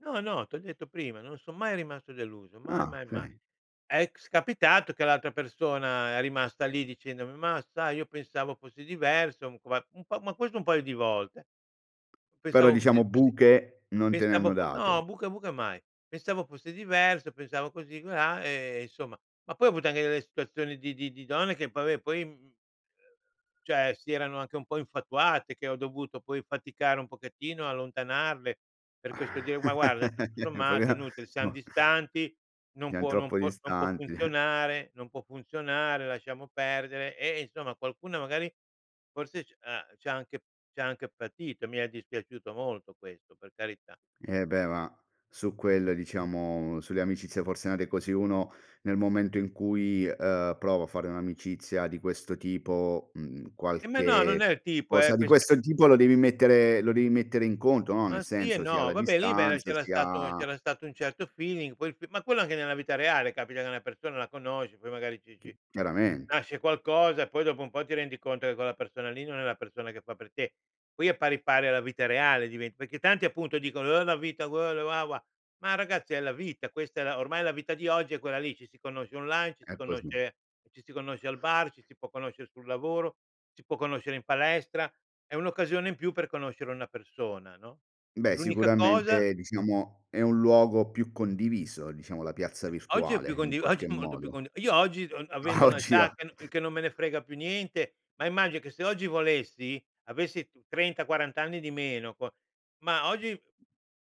No no, t'ho detto prima, non son mai rimasto deluso, mai, Ah, mai, mai. okay. È s capitato che l'altra persona è rimasta lì dicendomi: "mah, sai, io pensavo fossi diverso" [unintelligible] ma ma questo un paio di volte Però "pensavo diciamo fossi fossi buche, non te ne pensavo hanno po" date. no, buca, buca mai. "Pensavo fossi diverso, pensavo così e colà" e, insomma. Ma poi ho avuto anche delle situazioni di di di donne che, vabbè, poi, mhmm, uhm, cioè, si erano anche un po' infatuate, che ho dovuto poi faticare un pochettino a allontanarle. Per questo dire: “Ma, guarda, tutto sommato è inutile, siam distanti, [unintelligible] non .Siam può non troppo può non può distanti, eh. funzionare, non può funzionare, lasciamo perdere”. E e, insomma, qualcuna, magari, forse c'ha c'ha anche c'ha anche patito. Mi è dispiaciuto molto questo, per carità. Eh beh, ma su quelle, diciamo sulle amicizie forse nate così uno nel momento in cui, uhm, prova a fare un'amicizia di questo tipo, mhmm, Eh ma no, non è qualche il tipo, cosa è di questio questo tipo, lo devi mettere lo devi mettere in conto, no, nel Ma sì e senso sia no, la vabbè lì, beh, distanza, c'era sia stato c'era stato un certo feeling. Poi ma quello anche nella vita reale, capita che una persona la conosci, poi magari ci Chi ci chiaramente. nasce qualcosa e poi, dopo un po', ti rendi conto che quella persona lì non è la persona che fa per te, qui è pari pari alla vita reale. Diven perché tanti, appunto, dicono: “Oh, la vita quello”. [unintelligible] Ma, ragazzi, è la vita. Questa è la ormai, la vita di oggi è quella lì. Ci si conosce online, ci si È così. conosce ci si conosce al bar, ci si può conoscere sul lavoro, si può conoscere in palestra. È un'occasione in più per conoscere una persona, no, Beh, l'unica cosa sicuramente, diciamo, è un luogo più condiviso, diciamo la piazza Oggi è più virtuale, in condi oggi qualche è molto più cond modo. io oggi, uhm, avendo Ma oggi un'età io che n che non me ne frega più niente, ma immagino che se oggi volessi, avessi 30, 40 anni di meno, qua ma oggi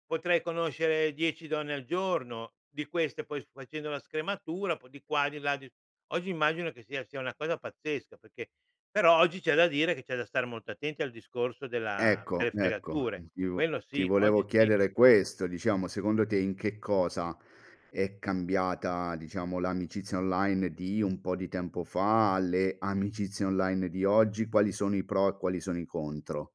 potrei conoscere 10 donne al giorno. Di queste, poi, facendo la scrematura, un po' di qua, di là, di oggi, immagino che sia sia una cosa pazzesca, perché però oggi c'è da dire che c'è da stare molto attenti al discorso della Ecco, delle ecco, fregature. ti vo Quello ti sì, oggi volevo sì. chiedere questo, diciamo, secondo te in che cosa è cambiata, diciamo, l'amicizia online di un po' di tempo fa, le amicizie online di oggi, quali sono i pro e quali sono i contro?